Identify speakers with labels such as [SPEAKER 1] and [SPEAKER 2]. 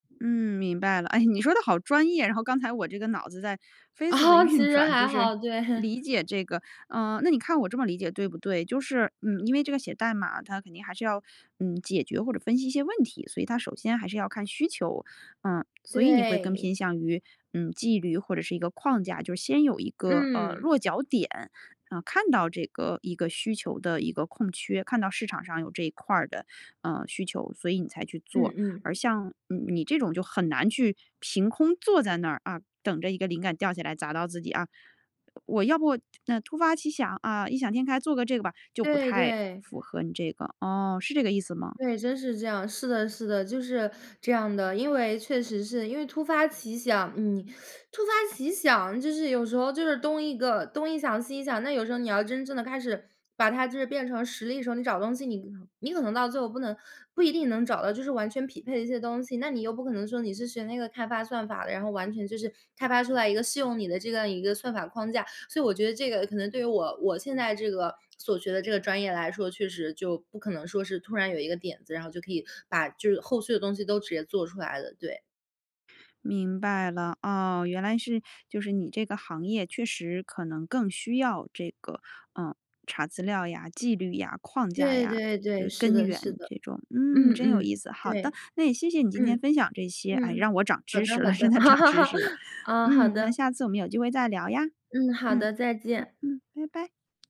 [SPEAKER 1] 嗯，明白了，哎，你说得好专业，然后刚才我这个脑子在飞速的
[SPEAKER 2] 其
[SPEAKER 1] 运
[SPEAKER 2] 实
[SPEAKER 1] 转，
[SPEAKER 2] 还
[SPEAKER 1] 就是
[SPEAKER 2] 好，对。
[SPEAKER 1] 理解这个呃，那你看我这么理解对不对？就是嗯，因为这个写代码它肯定还是要，嗯，解决或者分析一些问题，所以它首先还是要看需求。呃，所以你会更
[SPEAKER 2] 对。
[SPEAKER 1] 偏向于，嗯，纪律或者是一个框架，就是先有一个，呃，
[SPEAKER 2] 嗯。
[SPEAKER 1] 落脚点，呃，看到这个一个需求的一个空缺，看到市场上有这一块儿的，呃，需求，所以你才去做，
[SPEAKER 2] 嗯嗯。
[SPEAKER 1] 而像，嗯，你这种，就很难去凭空坐在那儿，啊，等着一个灵感掉下来砸到自己，啊。我要不那突发奇想，啊，异想天开，做个这个吧，就不
[SPEAKER 2] 对，
[SPEAKER 1] 太
[SPEAKER 2] 对。
[SPEAKER 1] 符合你这个，哦，是这个意思吗？
[SPEAKER 2] 对，真是这样，是的，是的，就是这样的，因为确实是因为突发奇想嗯，突发奇想，就是有时候就是东一个东一想，西一想，那有时候你要真正地开始把它就是变成实力的时候，你找东西你你可能到最后不能不一定能找到就是完全匹配一些东西，那你又不可能说你是学那个开发算法的，然后完全就是开发出来一个适用你的这样一个算法框架，所以我觉得这个可能对于我我现在这个所学的这个专业来说，确实就不可能说是突然有一个点子，然后就可以把就是后续的东西都直接做出来的，对。
[SPEAKER 1] 明白了，哦，原来是就是你这个行业确实可能更需要这个，呃，查资料呀，纪律呀，框架
[SPEAKER 2] 对，
[SPEAKER 1] 呀，
[SPEAKER 2] 对，对，
[SPEAKER 1] 呃，
[SPEAKER 2] 是
[SPEAKER 1] 根
[SPEAKER 2] 的，
[SPEAKER 1] 源
[SPEAKER 2] 是的。
[SPEAKER 1] 这种。嗯，
[SPEAKER 2] 嗯，
[SPEAKER 1] 真有
[SPEAKER 2] 嗯，
[SPEAKER 1] 意思，好的，
[SPEAKER 2] 对。
[SPEAKER 1] 那也谢谢你今天
[SPEAKER 2] 嗯，
[SPEAKER 1] 分享这些，哎，
[SPEAKER 2] 嗯，
[SPEAKER 1] 让我涨
[SPEAKER 2] 好
[SPEAKER 1] 知
[SPEAKER 2] 的，
[SPEAKER 1] 识
[SPEAKER 2] 好
[SPEAKER 1] 了，真
[SPEAKER 2] 的，
[SPEAKER 1] 的涨知识了，
[SPEAKER 2] 啊，好
[SPEAKER 1] 嗯，
[SPEAKER 2] 的。
[SPEAKER 1] 那下次我们有机会再聊呀，
[SPEAKER 2] 嗯，好
[SPEAKER 1] 嗯，
[SPEAKER 2] 的，再
[SPEAKER 1] 好，
[SPEAKER 2] 见。
[SPEAKER 1] 嗯，拜拜。